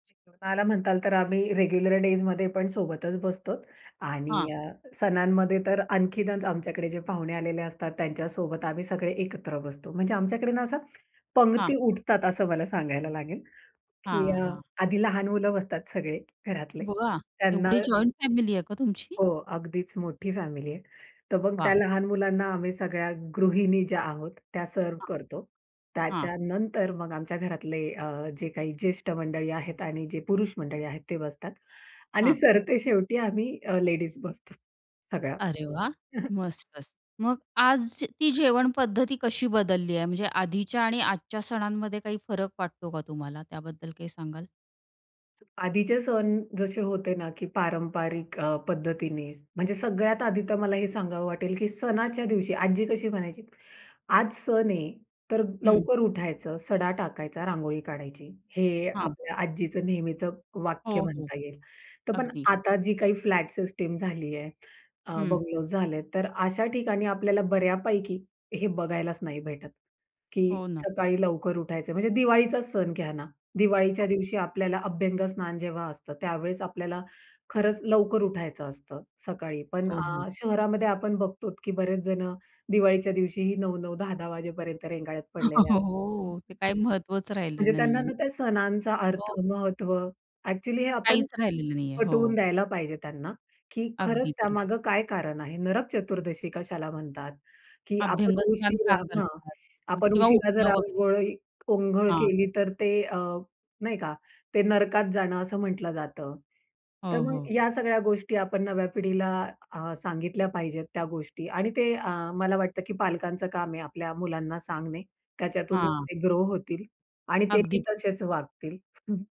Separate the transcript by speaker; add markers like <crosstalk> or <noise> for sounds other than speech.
Speaker 1: जेवणाला म्हणाल तर आम्ही रेग्युलर डेजमध्ये पण सोबतच बसतो
Speaker 2: हां.
Speaker 1: आणि अ, सणांमध्ये तर आणखीनच आमच्याकडे जे पाहुणे आलेले असतात, त्यांच्यासोबत आम्ही सगळे एकत्र बसतो. म्हणजे आमच्याकडे ना, अ,
Speaker 2: हां.
Speaker 1: पंगती उठतात असं मला सांगायला लागेल, की
Speaker 2: हां,
Speaker 1: अ,
Speaker 2: हां.
Speaker 1: आधी लहान मुलं बसतात सगळे घरातले.
Speaker 2: वाह!
Speaker 1: त्यांना
Speaker 2: एवढी जॉइंट फॅमिली आहे का तुमची?
Speaker 1: हो, अगदीच मोठी फॅमिली आहे. तर मग त्या
Speaker 2: वाह!
Speaker 1: लहान मुलांना आम्ही सगळ्या गृहिणी ज्या आहोत, त्या सर्व्ह करतो.
Speaker 2: हां. हां.
Speaker 1: त्याच्यानंतर मग आमच्या घरातले अ, जे काही ज्येष्ठ मंडळी आहेत आणि जे पुरुष मंडळी आहेत, ते बसतात आणि
Speaker 2: हां.
Speaker 1: सरतेशेवटी आम्ही अ, लेडीज बसतो सगळ्या.
Speaker 2: अरे वाह!
Speaker 1: हं, हं.
Speaker 2: मस्तच. मग आज ती जेवण पद्धती कशी बदलली आहे? म्हणजे आधीच्या आणि आजच्या सणांमध्ये काही फरक वाटतो का तुम्हाला? त्याबद्दल काही सांगाल?
Speaker 1: आधीचे सण जसे होते ना, की पारंपरिक अ, पद्धतीने. म्हणजे सगळ्यात आधी तर मला हे सांगावं वाटेल, की सणाच्या दिवशी आजी कशी म्हणायची, "आज सण आहे. तर
Speaker 2: हं.
Speaker 1: लवकर उठायचं, सडा टाकायचा, रांगोळी काढायची." हे
Speaker 2: हां.
Speaker 1: आपल्या आजीचं नेहमीचं वाक्य
Speaker 2: हो, हो.
Speaker 1: म्हणता येईल. तर पण
Speaker 2: अगदी.
Speaker 1: आता जी काही फ्लॅट सिस्टीम झालीये, अ,
Speaker 2: हं.
Speaker 1: बंगलोज झालेत, तर अशा ठिकाणी आपल्याला बऱ्यापैकी हे बघायलाच नाही भेटत, की
Speaker 2: हो ना.
Speaker 1: सकाळी लवकर उठायचंय. म्हणजे दिवाळीचाच सण घ्या ना. दिवाळीच्या
Speaker 2: हो.
Speaker 1: दिवशी आपल्याला अभ्यंगस्नान जेव्हा असतं, त्यावेळेस आपल्याला खरंच लवकर उठायचं असतं सकाळी. पण
Speaker 2: हो, हो.
Speaker 1: अ, शहरामध्ये आपण बघतो, की बरेच जणं दिवाळीच्या दिवशीही 9:00-9:00, 10:00-10:00 वाजेपर्यंत रेंगाळत पडलेले
Speaker 2: <chuckles>
Speaker 1: असतात.
Speaker 2: हो. ते
Speaker 1: <unintelligible>
Speaker 2: काही महत्त्वाच राहिलेलं
Speaker 1: म्हणजे त्यांना
Speaker 2: नाहीये.
Speaker 1: ना, त्या सणांचा अर्थ,
Speaker 2: हो.
Speaker 1: महत्त्व ॲक्च्युअली हे आपण
Speaker 2: काहीच राहिलेलं नाहीये.
Speaker 1: पटवून
Speaker 2: हो.
Speaker 1: द्यायला पाहिजे त्यांना, की
Speaker 2: अगदी
Speaker 1: खरंच
Speaker 2: खरं.
Speaker 1: त्यामागे काय कारण आहे? नरक चतुर्दशी कशाला म्हणतात? की आपण
Speaker 2: अभ्यंगस्नान का
Speaker 1: उशिरा हां,
Speaker 2: करतात?
Speaker 1: आपण
Speaker 2: किंवा
Speaker 1: उशिरा जर
Speaker 2: उठणं वगैरे.
Speaker 1: आंघोळ आंघोळ
Speaker 2: हां.
Speaker 1: केली, तर ते अ, नाही का, ते नरकात जाणं असं म्हटलं जातं. तर
Speaker 2: हो,
Speaker 1: मग
Speaker 2: हो.
Speaker 1: या सगळ्या गोष्टी आपण नव्या पिढीला अ, सांगितल्या पाहिजेत त्या गोष्टी आणि ते अ, मला वाटतं, की पालकांचं काम आहे आपल्या मुलांना सांगणे. त्याच्यातूनच
Speaker 2: हां.
Speaker 1: ते ग्रो होतील आणि
Speaker 2: अगदी.
Speaker 1: तेही तसेच वागतील. हं.